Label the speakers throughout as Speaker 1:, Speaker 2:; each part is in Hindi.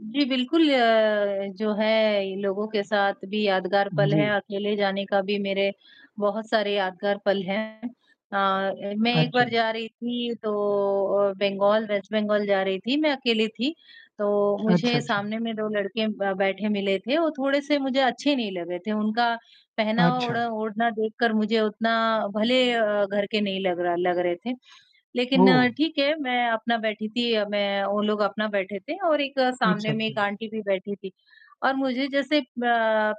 Speaker 1: जी, बिल्कुल अ, जो है इ लोगों के साथ भी यादगार पल
Speaker 2: जी।
Speaker 1: हैं, अकेले जाने का भी मेरे बहुत सारे यादगार पल हैं अ, ए मैं एक
Speaker 2: अच्छा।
Speaker 1: बार जा रही थी तो अ, बंगाल वेस्ट बंगाल जा रही थी, मैं अकेली थी। तो
Speaker 2: अच्छा,
Speaker 1: मुझे
Speaker 2: अच्छा।
Speaker 1: सामने में 2 लड़के ब बैठे मिले थे, वो थोड़े से मुझे अच्छे नहीं लगे थे, उनका पहनावा,
Speaker 2: अच्छा।
Speaker 1: ओढ़ा ओढ़ना देखकर मुझे उतना भले घर के नहीं लग रहा लग रहे थे। लेक़िन
Speaker 2: ओह!
Speaker 1: ठीक है, मैं अपना बैठी थी अ, मैं वो लोग अपना बैठे थे और एक
Speaker 2: अच्छा,
Speaker 1: सामने में एक
Speaker 2: अच्छा।
Speaker 1: आंटी भी बैठी थी। और मुझे जैसे ब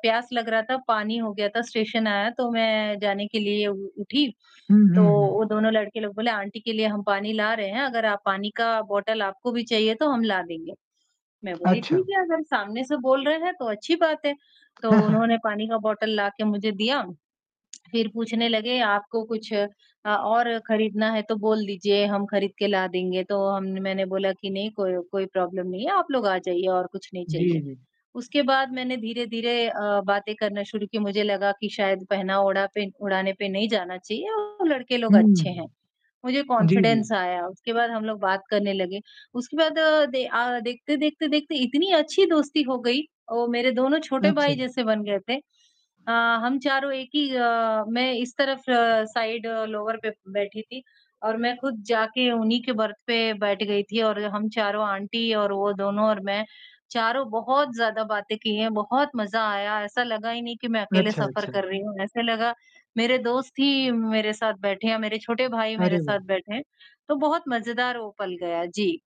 Speaker 1: प्यास लग रहा था, पानी हो गया था स्टेशन आया तो मैं जाने के लिए उ उठी,
Speaker 2: हुँ,
Speaker 1: तो
Speaker 2: हुँ, हुँ।
Speaker 1: वो दोनों लड़के लोग बोले, "आंटी के लिए हम पानी ला रहे हैं, अगर आप पानी का बॉटल आपको भी चाहिए, तो हम ला देंगे।" मैं बोली
Speaker 2: अच्छा।
Speaker 1: ठीक है, अगर सामने से बोल रहे हैं तो अच्छी बात है, तो उन्होंने पानी का बॉटल लाके मुझे दिया, फ़िर पूछने लगे आपको कुछ अ और ख़रीदना है तो बोल दीजिए, हम ख़रीद के ला देंगे, तो हम मैंने बोला कि नहीं, कोई कोई प्रॉब्लम नहीं है, आप लोग आ जाइए और कुछ नहीं
Speaker 2: जी,
Speaker 1: चाहिए।
Speaker 2: जी।
Speaker 1: उसके बाद मैंने धीरे-धीरे अ, बातें करना शुरू की, मुझे लगा कि शायद पहना ओढ़ा पे ओढ़ाना पे नहीं जाना चाहिए और लड़के लोग
Speaker 2: हुँ।
Speaker 1: अच्छे हैं, मुझे
Speaker 2: जी, जी।
Speaker 1: कॉन्फिडेंस आया, उसके बाद हम लोग बात करने लगे। उसके बाद दे आ, देखते-देखते देखते इतनी अच्छी दोस्ती हो गई और मेरे दोनों छोटे भाई
Speaker 2: अच्छा।
Speaker 1: जैसे बन गए थे अ, हम चारों एक ही अ, मैं इस तरफ़ साइड लोअर पे बैठी थी और मैं ख़ुद जाके उन्हीं के बर्थ पे बैठ गई थी और हम चारों आंटी और वो दोनों और मैं, चारों बहुत ज़्यादा बातें किए, बहुत मज़ा आया, ऐसा लगा ही नहीं कि मैं अकेले
Speaker 2: अच्छा,
Speaker 1: सफ़र
Speaker 2: अच्छा।
Speaker 1: कर रही हूँ। ऐसा लगा मेरे दोस्त ही मेरे साथ बैठे या मेरे छोटे भाई
Speaker 2: अरे
Speaker 1: मेरे साथ
Speaker 2: वाह!
Speaker 1: बैठे हैं, तो बहुत मज़ेदार वो पल गया, जी।